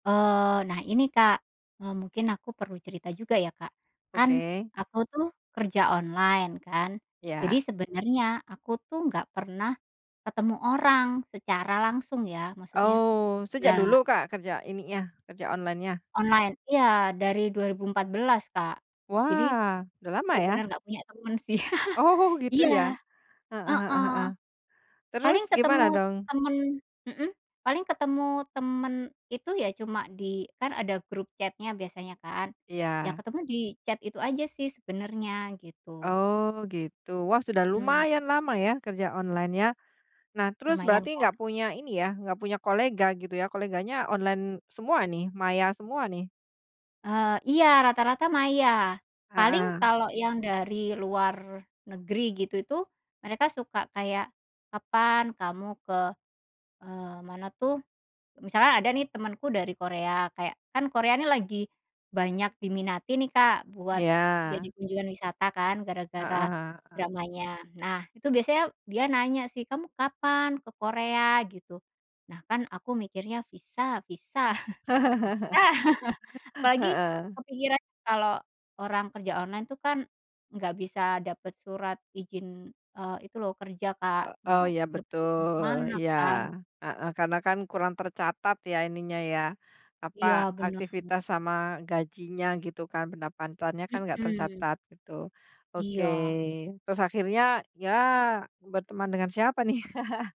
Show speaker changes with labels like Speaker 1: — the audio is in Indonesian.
Speaker 1: Eee, nah ini, Kak, eee, mungkin aku perlu cerita juga ya, Kak. Kan,
Speaker 2: Oke.
Speaker 1: aku tuh kerja online kan. Jadi
Speaker 2: Iya.
Speaker 1: sebenarnya aku tuh nggak pernah ketemu orang secara langsung ya, maksudnya
Speaker 2: Oh,
Speaker 1: iya.
Speaker 2: sejak dulu Kak, kerja ininya kerja online-nya?
Speaker 1: Online. Iya, dari 2014 Kak. Jadi,
Speaker 2: Wah, udah lama ya.
Speaker 1: bener-bener nggak punya temen sih.
Speaker 2: Oh, gitu
Speaker 1: Iya,
Speaker 2: ya, heeh heeh
Speaker 1: heeh.
Speaker 2: heeh. Terus,
Speaker 1: Paling ketemu
Speaker 2: gimana dong?
Speaker 1: temen mhm, paling ketemu temen itu ya cuma di kan ada grup chat-nya biasanya kan. Ya
Speaker 2: Iya.
Speaker 1: ketemu di chat itu aja sih sebenernya gitu.
Speaker 2: Oh, gitu. Wah, sudah
Speaker 1: Mhm.
Speaker 2: lumayan lama ya kerja online-nya. Nah, terus
Speaker 1: Lumayan,
Speaker 2: berarti
Speaker 1: Kak.
Speaker 2: nggak punya ini ya, nggak punya kolega gitu ya, koleganya online semua nih, maya semua nih?
Speaker 1: Eee, iya, rata-rata maya. Paling
Speaker 2: Heeh.
Speaker 1: kalau yang dari luar negeri gitu itu, mereka suka kayak, “Kapan kamu ke "eee, mana tuh misalkan ada nih temenku dari Korea. Kayak kan Korea ini lagi banyak diminati nih, Kak, buat jadi
Speaker 2: Iya.
Speaker 1: kunjungan wisata kan gara-gara
Speaker 2: Heeh heeh.
Speaker 1: dramanya. Nah, itu biasanya dia nanya sih, “Kamu kapan ke Korea?” gitu. Nah, kan aku mikirnya visa visa, susah. Apalagi
Speaker 2: Heeh.
Speaker 1: kepikiran kalau orang kerja online itu kan nggak bisa dapet surat izin, eee, itu loh, kerja,
Speaker 2: E
Speaker 1: Kak. Mau
Speaker 2: eee, ya
Speaker 1: dapet izin ke
Speaker 2: betul.
Speaker 1: mana
Speaker 2: Iya,
Speaker 1: kan.
Speaker 2: heeh. Karena kan kurang tercatat ya ininya ya, apa,
Speaker 1: Iya, benar.
Speaker 2: aktivitas sama gajinya gitu kan, pendapatannya kan nggak
Speaker 1: Mhm.
Speaker 2: tercatat gitu, oke.
Speaker 1: Iya.
Speaker 2: Terus akhirnya, ya, berteman dengan siapa nih?